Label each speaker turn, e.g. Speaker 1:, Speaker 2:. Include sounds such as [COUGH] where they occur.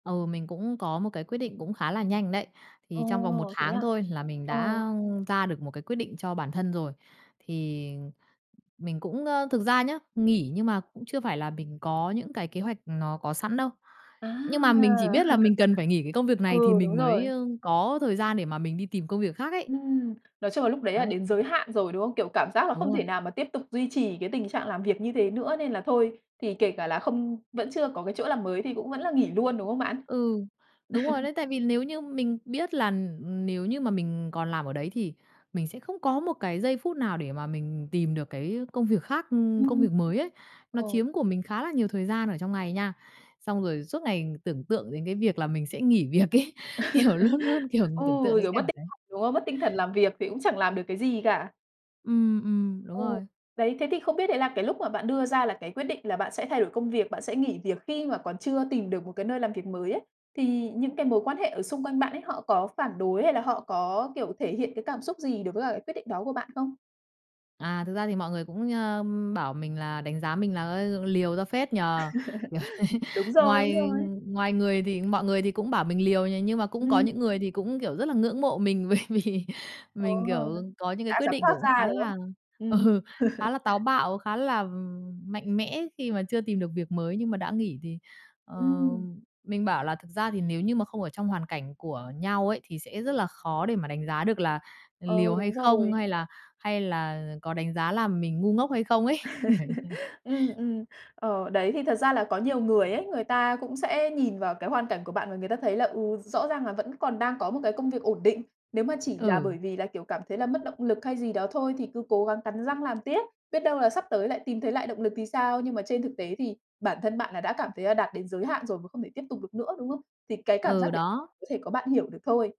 Speaker 1: Ừ, mình cũng có một cái quyết định cũng khá là nhanh đấy, thì trong vòng 1
Speaker 2: Ồ, thế
Speaker 1: tháng
Speaker 2: à?
Speaker 1: thôi là mình
Speaker 2: Ờ.
Speaker 1: đã, ưm, ra được một cái quyết định cho bản thân rồi. Thì mình cũng, ơ thực ra nhá, nghỉ nhưng mà cũng chưa phải là mình có những cái kế hoạch nó có sẵn đâu,
Speaker 2: À!
Speaker 1: nhưng mà mình chỉ biết là mình cần phải nghỉ cái công
Speaker 2: [CHUCKLES]
Speaker 1: việc này thì
Speaker 2: Ừ, đúng
Speaker 1: mình mới,
Speaker 2: rồi.
Speaker 1: ơ, có thời gian để mà mình đi tìm công việc khác ấy.
Speaker 2: Ừm. Nói chung là lúc đấy là
Speaker 1: Đấy.
Speaker 2: đến giới hạn rồi, đúng không? Kiểu cảm giác là
Speaker 1: Đúng
Speaker 2: không
Speaker 1: rồi.
Speaker 2: thể nào mà tiếp tục duy trì cái tình trạng làm việc như thế nữa nên là thôi, thì kể cả là không vẫn chưa có cái chỗ làm mới thì cũng vẫn là nghỉ luôn, đúng không bạn?
Speaker 1: Ừ, đúng rồi
Speaker 2: [CHUCKLES]
Speaker 1: đấy, tại vì nếu như mình biết là, ừm, ừm, nếu như mà mình còn làm ở đấy thì mình sẽ không có một cái giây phút nào để mà mình tìm được cái công việc khác, ưm, công
Speaker 2: Ừm.
Speaker 1: việc mới ấy. Nó
Speaker 2: Ồ.
Speaker 1: chiếm của mình khá là nhiều thời gian ở trong ngày nha, xong rồi suốt ngày tưởng tượng đến cái việc là mình sẽ nghỉ việc ấy, kiểu, luôn luôn,
Speaker 2: [CHUCKLES]
Speaker 1: kiểu,
Speaker 2: Ừ,
Speaker 1: tưởng tượng đến
Speaker 2: kiểu, mất
Speaker 1: cảnh
Speaker 2: t
Speaker 1: đấy.
Speaker 2: đúng không? Mất tinh thần làm việc thì cũng chẳng làm được cái gì cả.
Speaker 1: Ừm, ừm, đúng
Speaker 2: Ờ.
Speaker 1: rồi.
Speaker 2: Đấy, thế thì không biết đấy là cái lúc mà bạn đưa ra là cái quyết định là bạn sẽ thay đổi công việc, bạn sẽ nghỉ việc khi mà còn chưa tìm được một cái nơi làm việc mới ấy, thì những cái mối quan hệ ở xung quanh bạn ấy họ có phản đối, hay là họ có, kiểu, thể hiện cái cảm xúc gì đối với cả cái quyết định đó của bạn không?
Speaker 1: À, thực ra thì mọi người cũng, ờm, bảo mình là đánh giá mình là, ơ, "Liều ra phết nhỉ" kiểu thế.
Speaker 2: [CHUCKLES] Đúng rồi, đúng
Speaker 1: Ngoài
Speaker 2: rồi.
Speaker 1: ngoài ngườI thì mọi người thì cũng bảo mình liều nhỉ, nhưng mà cũng có
Speaker 2: Ừm.
Speaker 1: những người thì cũng, kiểu, rất là ngưỡng mộ mình bởi vì
Speaker 2: Ồ!
Speaker 1: mình, kiểu, có những cái
Speaker 2: Đã
Speaker 1: quyết
Speaker 2: dám
Speaker 1: định
Speaker 2: thoát
Speaker 1: kiểu cũng
Speaker 2: ra,
Speaker 1: khá
Speaker 2: đúng không?
Speaker 1: là
Speaker 2: Ừm.
Speaker 1: ừ, khá là táo
Speaker 2: [CHUCKLES]
Speaker 1: bạo, khá là, ừm, mạnh mẽ khi mà chưa tìm được việc mới nhưng mà đã nghỉ. Thì, ờ,
Speaker 2: Ừm.
Speaker 1: mình bảo là thực ra thì nếu như mà không ở trong hoàn cảnh của nhau ấy thì sẽ rất là khó để mà đánh giá được là
Speaker 2: Ừ,
Speaker 1: liều hay
Speaker 2: đúng
Speaker 1: không,
Speaker 2: rồi.
Speaker 1: hay là hay là có đánh giá là mình ngu ngốc hay không ấy, kiểu như
Speaker 2: [CHUCKLES]
Speaker 1: thế.
Speaker 2: Ừm, ừm. Ờ, đấy thì thật ra là có nhiều người ấy, người ta cũng sẽ nhìn vào cái hoàn cảnh của bạn và người ta thấy là, ừ, rõ ràng là vẫn còn đang có một cái công việc ổn định. Nếu mà chỉ là
Speaker 1: Ừ.
Speaker 2: bởi vì là, kiểu, cảm thấy là mất động lực hay gì đó thôi thì cứ cố gắng cắn răng làm tiếp, biết đâu là sắp tới lại tìm thấy lại động lực thì sao. Nhưng mà trên thực tế thì bản thân bạn là đã cảm thấy là đạt đến giới hạn rồi và không thể tiếp tục được nữa, đúng không? Thì cái cảm giác
Speaker 1: Ừ,
Speaker 2: đấy
Speaker 1: đó.
Speaker 2: có thể có bạn hiểu được thôi.